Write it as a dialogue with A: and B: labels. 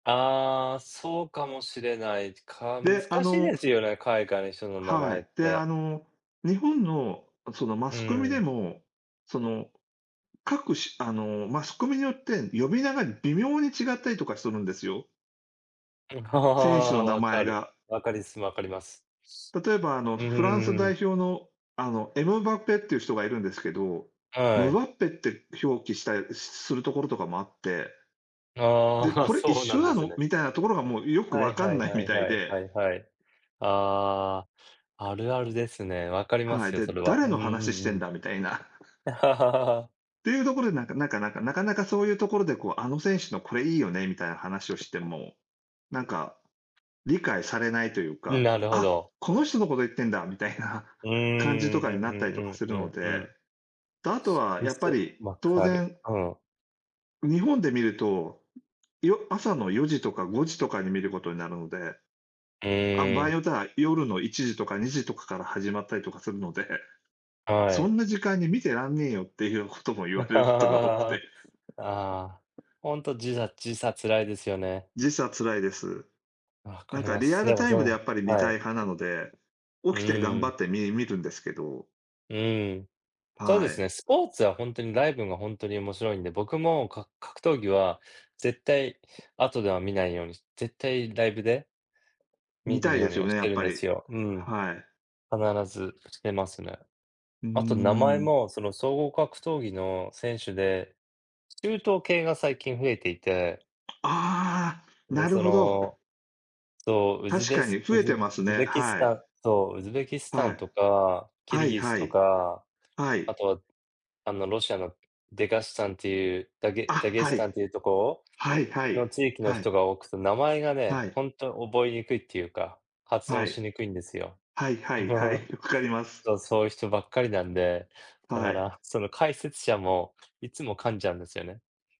A: ああ、そうかもしれない、か難
B: で、あ
A: しい
B: の
A: ですよね、海外の人の名
B: は
A: 前っ
B: い。であ
A: て。
B: の日本のそのマ
A: う
B: スコミで
A: ん。
B: も、その、各種あのマスコミによって呼び名が微妙に違ったりとかするんですよ。選手の名
A: 分
B: 前
A: かる。
B: が。
A: 分かりす、分かります。
B: 例えばあの、
A: う
B: フランス
A: ー
B: 代
A: ん。
B: 表のあのエムバペっていう人がいるんですけど、
A: は
B: ムバ
A: い。
B: ッペって表記したりするところとかもあって。で、
A: ああ、
B: これ一
A: そうな
B: 緒
A: んで
B: な
A: す
B: の
A: ね。
B: みたいなところがもうよく
A: は
B: 分
A: い
B: か
A: は
B: ん
A: い
B: ない
A: は
B: み
A: い
B: たい
A: はい
B: で。
A: はいはい。ああ、あるあるですね。分かりま
B: はい。
A: すよ、そ
B: で、
A: れは。
B: 誰
A: う
B: の
A: んう
B: 話し
A: ん
B: て
A: う
B: ん
A: ん。
B: だみたいな。ていうところで、なんかなんかなんか、なかなかそういうところで、こう、あの選手のこれいいよねみたいな話をしても、なんか、理解されないという
A: ん、
B: か、
A: なるほ
B: あ、
A: ど。
B: この人のこと言ってんだみたいな
A: うーん、
B: 感じとか
A: う
B: に
A: ん
B: なっ
A: う
B: たりとか
A: ん
B: す
A: う
B: るの
A: んうんう
B: で。
A: ん。
B: 後は
A: み
B: やっぱ
A: そ、
B: り、
A: 分
B: 当
A: かる、
B: 然。
A: うん。
B: 日本で見ると、よ朝の4時とか5時とかに見ることになるので。あ、場
A: え
B: 合に
A: え。
B: よっては、夜の1時とか2時とかから始まったりとかするので、
A: は
B: そん
A: い。
B: な時間に見てらんねえよっていうことも言われること が多く
A: あ
B: て。
A: あ、本当時差時差辛いですよね。
B: 時差辛いです。
A: 分か
B: なん
A: り
B: か
A: ま
B: リ
A: す。
B: ア
A: で
B: ル
A: も
B: タイ
A: そ
B: ムでや
A: の、
B: っぱり見
A: は
B: たい
A: い。
B: 派なので、起
A: う
B: きて頑張
A: ん。
B: ってみ見るんですけど。
A: うん、そうで
B: は
A: すね、
B: い。
A: スポーツは本当にライブが本当に面白いんで、僕もか格闘技は絶対後では見ないように、絶対ライブで
B: 見
A: 見
B: た
A: る
B: い
A: よ
B: で
A: う
B: す
A: に
B: よ
A: はし
B: ね、や
A: て
B: っ
A: るん
B: ぱ
A: で
B: り。
A: すよ、うん。
B: はい。
A: 必ずしてますね。
B: うー
A: あと名前
B: ん。
A: もその、総合格闘技の選手で。中東系が最近増えていて。
B: ああ、な
A: で、
B: る
A: そ
B: ほど。
A: の。そう、ウズ
B: 確
A: ベ
B: か
A: ス
B: に増
A: ウ
B: え
A: ズ
B: てます
A: ウズ
B: ね、
A: ベキス
B: は
A: タ
B: い。
A: ンそう、ウズベキスタ
B: は
A: ン
B: い。
A: とか、キ
B: は
A: ル
B: い
A: ギス
B: は
A: と
B: い。
A: か、
B: はい。
A: あとは、あのロシアのデガスタンっていうダ
B: あ、
A: ゲダゲス
B: はい。
A: タンっていうとこ
B: はいはい、
A: ろの地域の
B: はい。
A: 人が多くて、名前がね、
B: はい。
A: 本当覚えにくいっていうか、発
B: は
A: 音し
B: い。
A: にくいんですよ。
B: はいはいはい、うります。
A: そう、そういう人ばっかりなんで、だ
B: は
A: か
B: い。
A: らその解説者もいつも噛んじゃうんですよね。